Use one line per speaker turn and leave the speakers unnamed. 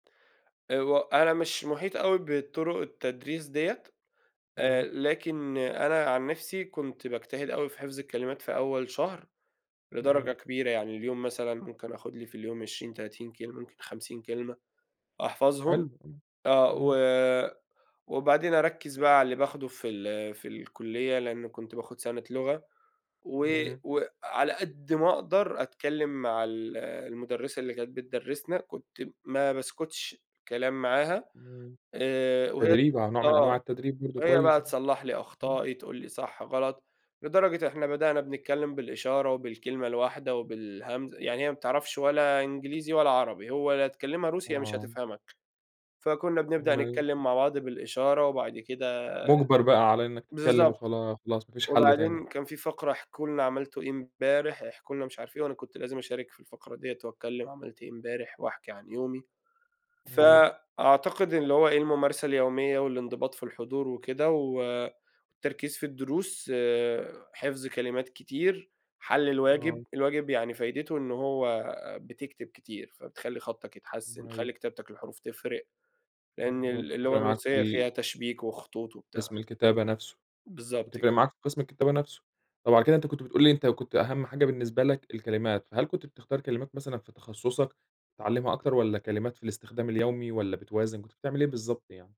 أ هو أنا مش محيط أوي بالطرق التدريس ديّة، آآ،
إمم.
لكن أنا عن نفسي كنت باجتهد أوي في حفظ الكلمات في أول شهر، لدرجة
إمم.
كبيرة. يعني اليوم مثلًا ممكن آخُد لي في اليوم 20، 30 كلمة ممكن 50 كلمة أحفظهم.
حلو، إمم.
آه،
إمم.
و وبعدين أرَكّز بقى على اللي باخده في ال في الكلية، لأنه كنت باخُد سنة لغة. و
إمم.
وعلى قد ما أقدر أتكلّم مع ال المُدرِّسة اللي كانت بتدرّسنا. كنت ما باسكُتش كلام معاها،
إمم،
آآ، وهي ت
تدريب أهو نوع من
آه،
أنواع التدريب برضه
هي
كويس
بقى
أها.
تصلح لي
إمم.
أخطائي، تقول لي صح، غلط. لدرجة إحنا بدأنا بنتكلم بالإشارة وبالكلمة الواحدة وبالهمزة يعني هي ما بتعرفش ولا إنجليزي ولا عربي، هو لا تكلّمها روسي يا مش
آه.
هتفهمك. فكُنّا بنبدأ
ما ي
نتكلم مع بعض بالإشارة وبعد كده
مُجبَر بقى على إنّك تتكلم
بالضبط.
وخلا خلاص، ما فيش حل تاني.
وبعدين كان في فقرة احكوا لنا عملتوا إيه إمبارح، احكوا لنا مش عارف إيه، وأنا كنت لازم أشارك في الفقرة دِيّة وأتكلم عملت إيه إمبارح وأحكي عن يومي.
إمم.
فأعتقد اللي هو إيه الممارسة اليومية والانضباط في الحضور وكده، و والتركيز في الدروس، حفظ كلمات كتير، حل الواجب.
آه.
الواجب يعني فايدته إن هو بتكتب كتير فبتخلّي خطّك يتحسّن،
أيوه.
تخلّي كتابتك للحروف تفرق لأن
بالضبط،
ال
تفرِق
اللغة
معاك في
الروسية فيها
ال
تشبيك وخطوط وبتاع.
قسم الكتابة نفسه،
بالضبط، ك
وتفرِق معاك في قسم الكتابة نفسه. طب، على كده أنت كنت بتقول لي أنت كنت أهم حاجة بالنسبة لك الكلمات، فهل كنت بتختار كلمات مثلًا في تخصصك تتعلمها أكتر؟ والّا كلمات في الاستخدام اليومي والّا بتوازن؟ كنت بتعمل إيه بالضبط يعني؟